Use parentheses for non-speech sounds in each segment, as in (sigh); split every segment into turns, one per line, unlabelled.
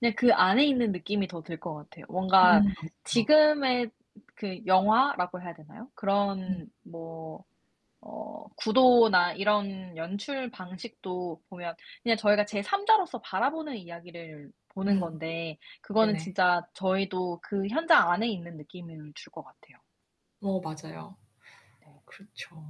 그냥 그 안에 있는 느낌이 더 들 것 같아요. 뭔가
음. 그쵸.
지금의 그 영화라고 해야 되나요?
네.
그런 뭐 어 구도나 이런 연출 방식도 보면 그냥 저희가 제삼자로서 바라보는 이야기를 보는
네.
건데 그거는
네네.
진짜 저희도 그 현장 안에 있는 느낌을 줄 것 같아요.
어 맞아요.
네.
그렇죠.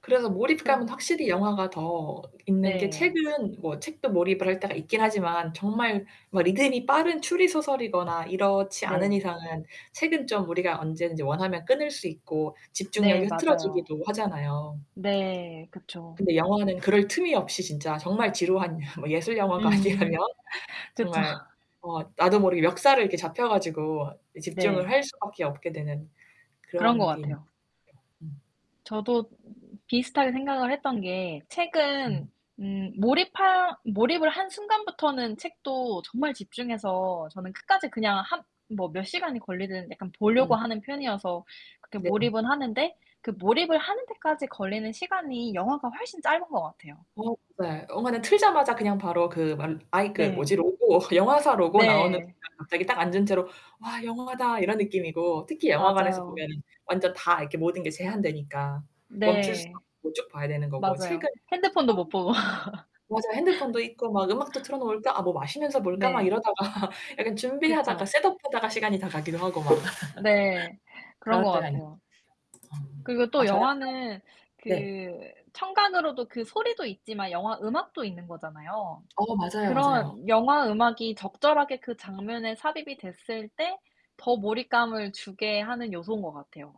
그래서 몰입감은
그럼
확실히 영화가 더 있는 게
네.
책은 뭐 책도 몰입을 할 때가 있긴 하지만 정말 뭐 리듬이 빠른 추리 소설이거나 이렇지 않은
네.
이상은 책은 좀 우리가 언제든지 원하면 끊을 수 있고
네
집중력이
맞아요.
흐트러지기도 하잖아요.
네 그쵸.
근데 영화는 그럴 틈이 없이 진짜 정말 지루한 (laughs) 뭐 예술 영화가 아니라면
음 그쵸.
정말 어 나도 모르게 멱살을 이렇게 잡혀 가지고 이 집중을
네.
할 수밖에 없게 되는
그런 것
그런 게 있는 것
같아요.
같아요. 음.
저도 비슷하게 생각을 했던 게 책은
음.
음 몰입하 몰입을 한 순간부터는 책도 정말 집중해서 저는 끝까지 그냥 한 뭐 몇 시간이 걸리든 약간 보려고
음.
하는 편이어서 그렇게
네.
몰입은 하는데 그 몰입을 하는 데까지 걸리는 시간이 영화가 훨씬 짧은 것 같아요.
어 네 영화는 틀자마자 그냥 바로 그 말 아이 그 뭐지?
네.
로고 영화사 로고 나오는
네.
순간 갑자기 딱 앉은 채로 "와 영화다." 이런 느낌이고. 특히 영화관에서
맞아요.
보면은 완전 다 이렇게 모든 게 제한되니까. 멈출 수
네.
없고 쭉 봐야 되는 거고
맞아요.
책은 어
핸드폰도 못 보고 (laughs)
맞아요. 핸드폰도 있고 막 '음악도 틀어 놓을까? 아 뭐 마시면서 볼까?' 막
네.
이러다가 약간 준비하다가
그쵸.
셋업하다가 시간이 다 가기도 하고 막.
네.
(laughs)
그런
그럴
것
때가 있
같아요.
아.
그리고
아
또
저랑
영화는
그런 네.
그 청감으로도 그 소리도 있지만 영화 음악도 있는 거잖아요.
어 맞아요, 맞아요.
그런 영화 음악이 적절하게 그 장면에 삽입이 됐을 때 더 몰입감을 주게 하는 요소인 것 같아요.